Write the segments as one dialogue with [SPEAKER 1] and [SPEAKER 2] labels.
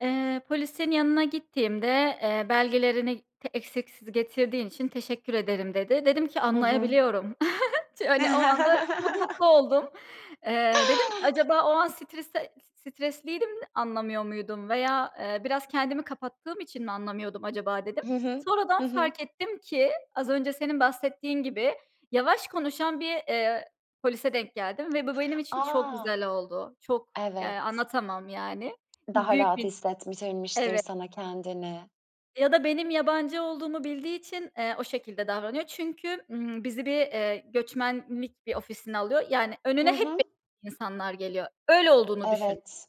[SPEAKER 1] Eee, polisin yanına gittiğimde, eee, belgelerini t eksiksiz getirdiğin için teşekkür ederim dedi. Dedim ki
[SPEAKER 2] Hı hı.
[SPEAKER 1] anlayabiliyorum. Ç hani, o anda çok mutlu oldum. Eee, dedim acaba o an stresde stresliydim, anlamıyor muydum veya, eee, biraz kendimi kapattığım için mi anlamıyordum acaba dedim.
[SPEAKER 2] Hı hı.
[SPEAKER 1] Sonradan
[SPEAKER 2] Hı hı.
[SPEAKER 1] fark ettim ki az önce senin bahsettiğin gibi yavaş konuşan bir, eee, polise denk geldim ve bu benim için çok
[SPEAKER 2] A!
[SPEAKER 1] güzel oldu. Çok, ya,
[SPEAKER 2] Evet.
[SPEAKER 1] anlatamam, yani.
[SPEAKER 2] Daha
[SPEAKER 1] Büyük
[SPEAKER 2] rahat
[SPEAKER 1] bir
[SPEAKER 2] hissettirmiştir
[SPEAKER 1] Evet.
[SPEAKER 2] sana kendini.
[SPEAKER 1] Ya da benim yabancı olduğumu bildiği için, eee, o şekilde davranıyor. Çünkü, ımm, bizi bir, eee, göçmenlik bir ofisine alıyor. Yani,
[SPEAKER 2] Hı
[SPEAKER 1] önüne hep [unintelligible]
[SPEAKER 2] hı.
[SPEAKER 1] insanlar geliyor. Öyle olduğunu düşün.
[SPEAKER 2] Evet.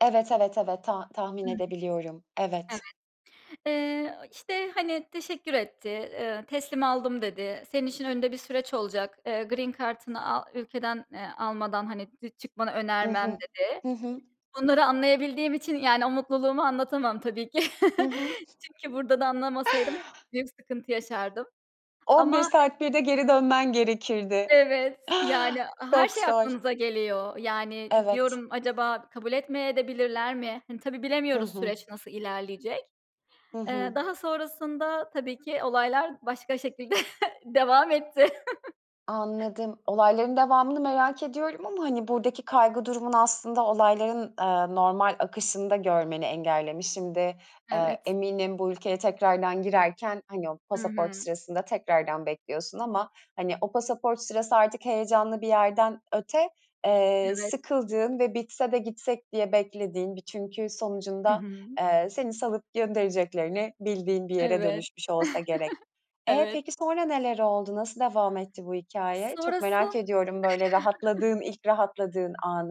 [SPEAKER 2] Evet, evet, evet, ta tahmin
[SPEAKER 1] Hı hı.
[SPEAKER 2] edebiliyorum. Evet.
[SPEAKER 1] Evet. Eee, işte, hani, teşekkür etti, ııı, teslim aldım dedi. Senin için önünde bir süreç olacak. Eee, green kartını a ülkeden, eee, almadan, hani d çıkmanı
[SPEAKER 2] Hı
[SPEAKER 1] önermem
[SPEAKER 2] hı.
[SPEAKER 1] dedi.
[SPEAKER 2] Hı hı.
[SPEAKER 1] Bunları anlayabildiğim için, yani, o mutluluğumu anlatamam tabii ki.
[SPEAKER 2] Hı hı.
[SPEAKER 1] Çünkü burada da anlamasaydım büyük sıkıntı yaşardım.
[SPEAKER 2] 11
[SPEAKER 1] Ama
[SPEAKER 2] saat bir de geri dönmen gerekirdi.
[SPEAKER 1] Evet, yani, her
[SPEAKER 2] Çok
[SPEAKER 1] şey
[SPEAKER 2] zor.
[SPEAKER 1] aklınıza geliyor. Yani,
[SPEAKER 2] Evet.
[SPEAKER 1] diyorum acaba kabul etmeye de bilirler mi? Hani, tabii
[SPEAKER 2] Hı
[SPEAKER 1] bilemiyoruz
[SPEAKER 2] hı.
[SPEAKER 1] süreç nasıl ilerleyecek.
[SPEAKER 2] Hı
[SPEAKER 1] Eee,
[SPEAKER 2] hı.
[SPEAKER 1] daha sonrasında tabii ki olaylar başka şekilde devam etti.
[SPEAKER 2] Anladım. Olayların devamını merak ediyorum ama, hani, buradaki kaygı durumun aslında olayların, aaa, normal akışında görmeni engellemiş. Şimdi, aaa,
[SPEAKER 1] Evet.
[SPEAKER 2] eminim bu ülkeye tekrardan girerken, hani, o
[SPEAKER 1] Hı
[SPEAKER 2] pasaport
[SPEAKER 1] hı.
[SPEAKER 2] sırasında tekrardan bekliyorsun ama, hani, o pasaport sırası artık heyecanlı bir yerden öte, eee,
[SPEAKER 1] Evet.
[SPEAKER 2] sıkıldığın ve bitse de gitsek diye beklediğin bir, çünkü
[SPEAKER 1] Hı
[SPEAKER 2] sonucunda,
[SPEAKER 1] hı.
[SPEAKER 2] eee, seni salıp göndereceklerini bildiğin bir yere
[SPEAKER 1] Evet.
[SPEAKER 2] dönüşmüş olsa gerek. E,
[SPEAKER 1] Evet.
[SPEAKER 2] peki sonra neler oldu, nasıl devam etti bu hikâye? Çok merak
[SPEAKER 1] Sonrasın
[SPEAKER 2] ediyorum, böyle rahatladığın, ilk rahatladığın anı.